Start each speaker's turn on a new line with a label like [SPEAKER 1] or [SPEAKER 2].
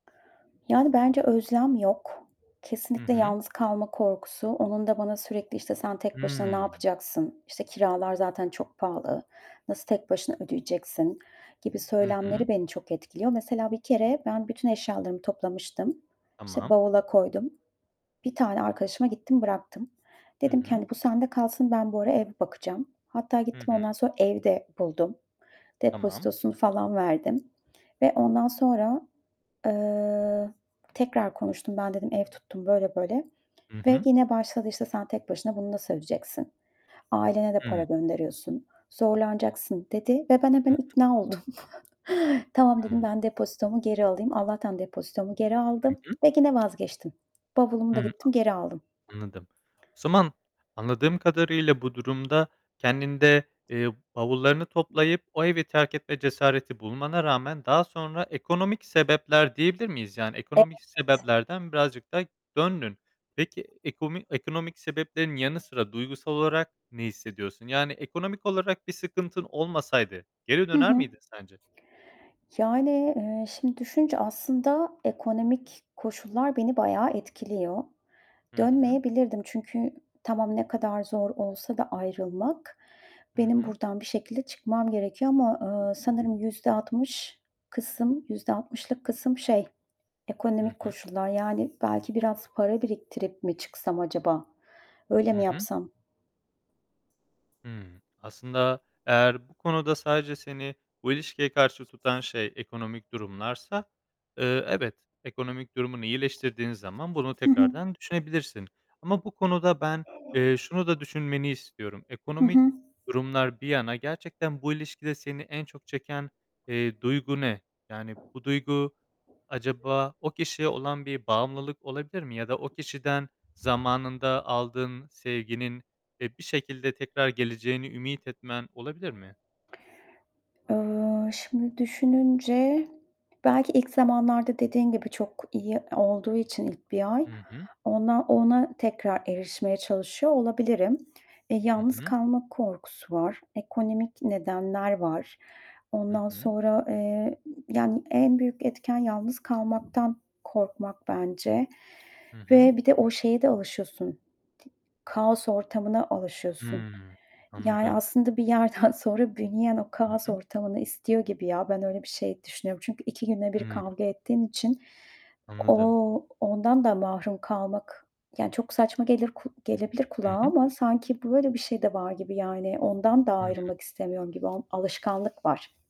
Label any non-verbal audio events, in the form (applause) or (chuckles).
[SPEAKER 1] Yani bence özlem yok.
[SPEAKER 2] Hı
[SPEAKER 1] Kesinlikle
[SPEAKER 2] hı.
[SPEAKER 1] yalnız kalma korkusu. Onun da bana sürekli işte, "Sen tek başına ne
[SPEAKER 2] Hıı.
[SPEAKER 1] yapacaksın? İşte, kiralar zaten çok pahalı? Nasıl tek başına ödeyeceksin?" gibi
[SPEAKER 2] Hı hı.
[SPEAKER 1] söylemleri beni çok etkiliyor. Mesela bir kere ben bütün eşyalarımı toplamıştım. İşte,
[SPEAKER 2] Tamam.
[SPEAKER 1] bavula koydum. Bir tane arkadaşıma gittim, bıraktım.
[SPEAKER 2] Hı
[SPEAKER 1] Dedim ki,
[SPEAKER 2] hı.
[SPEAKER 1] hani, "Bu sende kalsın, ben bu ara ev bakacağım." Hatta
[SPEAKER 2] Hı
[SPEAKER 1] gittim
[SPEAKER 2] hı.
[SPEAKER 1] ondan sonra ev de buldum.
[SPEAKER 2] Tamam.
[SPEAKER 1] Depozitosunu falan verdim. Ve ondan sonra, eee, tekrar konuştum. "Ben" dedim, "Ev tuttum." böyle böyle.
[SPEAKER 2] Hı
[SPEAKER 1] Ve
[SPEAKER 2] hı.
[SPEAKER 1] gene başladı, işte, "Sen tek başına bunu nasıl ödeyeceksin? Ailene de para
[SPEAKER 2] Hıı.
[SPEAKER 1] gönderiyorsun, zorlanacaksın." dedi ve ben
[SPEAKER 2] Hı
[SPEAKER 1] hemen
[SPEAKER 2] hı.
[SPEAKER 1] ikna oldum. (chuckles) "Tamam." dedim,
[SPEAKER 2] Hıı.
[SPEAKER 1] "Ben depozitomu geri alayım." Allah'tan depozitomu geri
[SPEAKER 2] Hı
[SPEAKER 1] aldım
[SPEAKER 2] hı.
[SPEAKER 1] ve gine vazgeçtim. Bavulumu da
[SPEAKER 2] Hı,
[SPEAKER 1] gittim geri aldım.
[SPEAKER 2] a anladım. O zaman anladığım kadarıyla bu durumda kendinde, eee, bavullarını toplayıp o evi terk etme cesareti bulmana rağmen daha sonra ekonomik sebepler diyebilir miyiz? Yani ekonomik
[SPEAKER 1] (unintelligible)
[SPEAKER 2] sebeplerden birazcık da döndün. Peki ekomi ekonomik sebeplerin yanı sıra duygusal olarak ne hissediyorsun? Yani ekonomik olarak bir sıkıntın olmasaydı geri
[SPEAKER 1] Hı
[SPEAKER 2] döner
[SPEAKER 1] hı.
[SPEAKER 2] miydin sence?
[SPEAKER 1] Yani, eee, şimdi düşününce aslında ekonomik koşullar beni bayağı etkiliyor.
[SPEAKER 2] Hı hı.
[SPEAKER 1] Dönmeyebilirdim çünkü tamam ne kadar zor olsa da ayrılmak,
[SPEAKER 2] Hı
[SPEAKER 1] benim
[SPEAKER 2] hı.
[SPEAKER 1] buradan bir şekilde çıkmam gerekiyor ama, eee, sanırım %60 kısım %60'lık kısım şey,
[SPEAKER 2] Hı
[SPEAKER 1] ekonomik
[SPEAKER 2] hı.
[SPEAKER 1] koşullar yani belki biraz para biriktirip mi çıksam acaba, öyle
[SPEAKER 2] Hı
[SPEAKER 1] mi
[SPEAKER 2] hı.
[SPEAKER 1] yapsam?
[SPEAKER 2] Hıı. Aslında eğer bu konuda sadece seni bu ilişkiye karşı tutan şey ekonomik durumlarsa, eee, evet, ekonomik durumunu iyileştirdiğin zaman bunu
[SPEAKER 1] Hı hı.
[SPEAKER 2] tekrardan düşünebilirsin. Ama bu konuda ben, eee, şunu da düşünmeni istiyorum.
[SPEAKER 1] Hı
[SPEAKER 2] Ekonomik
[SPEAKER 1] hı.
[SPEAKER 2] durumlar bir yana, gerçekten bu ilişkide seni en çok çeken, eee, duygu ne? Yani bu duygu acaba o kişiye olan bir bağımlılık olabilir mi ya da o kişiden zamanında aldığın sevginin, eee, bir şekilde tekrar geleceğini ümit etmen olabilir mi?
[SPEAKER 1] Eee, şimdi düşününce belki ilk zamanlarda dediğin gibi çok iyi olduğu için ilk 1 ay
[SPEAKER 2] Hı hı.
[SPEAKER 1] ona ona tekrar erişmeye çalışıyor olabilirim. Eee,
[SPEAKER 2] Hı
[SPEAKER 1] yalnız
[SPEAKER 2] hı.
[SPEAKER 1] kalma korkusu var, ekonomik nedenler var.
[SPEAKER 2] Hı
[SPEAKER 1] Ondan
[SPEAKER 2] hı.
[SPEAKER 1] sonra, eee, yani en büyük etken yalnız kalmaktan korkmak bence.
[SPEAKER 2] Hı hı.
[SPEAKER 1] Ve bir de o şeye de alışıyorsun, kaos ortamına alışıyorsun.
[SPEAKER 2] Hıı.
[SPEAKER 1] Yani
[SPEAKER 2] Anladım.
[SPEAKER 1] aslında bir yerden sonra büyüyen o
[SPEAKER 2] Hı
[SPEAKER 1] kaos
[SPEAKER 2] hı.
[SPEAKER 1] ortamını istiyor gibi ya, ben öyle bir şey düşünüyorum. Çünkü 2 günde 1
[SPEAKER 2] Hıı.
[SPEAKER 1] kavga ettiğin için
[SPEAKER 2] Anladım.
[SPEAKER 1] o ondan da mahrum kalmak, yani çok saçma gelir ku gelebilir kulağa
[SPEAKER 2] Hı hı.
[SPEAKER 1] ama sanki böyle bir şey de var gibi yani ondan da
[SPEAKER 2] Hıı.
[SPEAKER 1] ayrılmak istemiyorum gibi. Al alışkanlık var.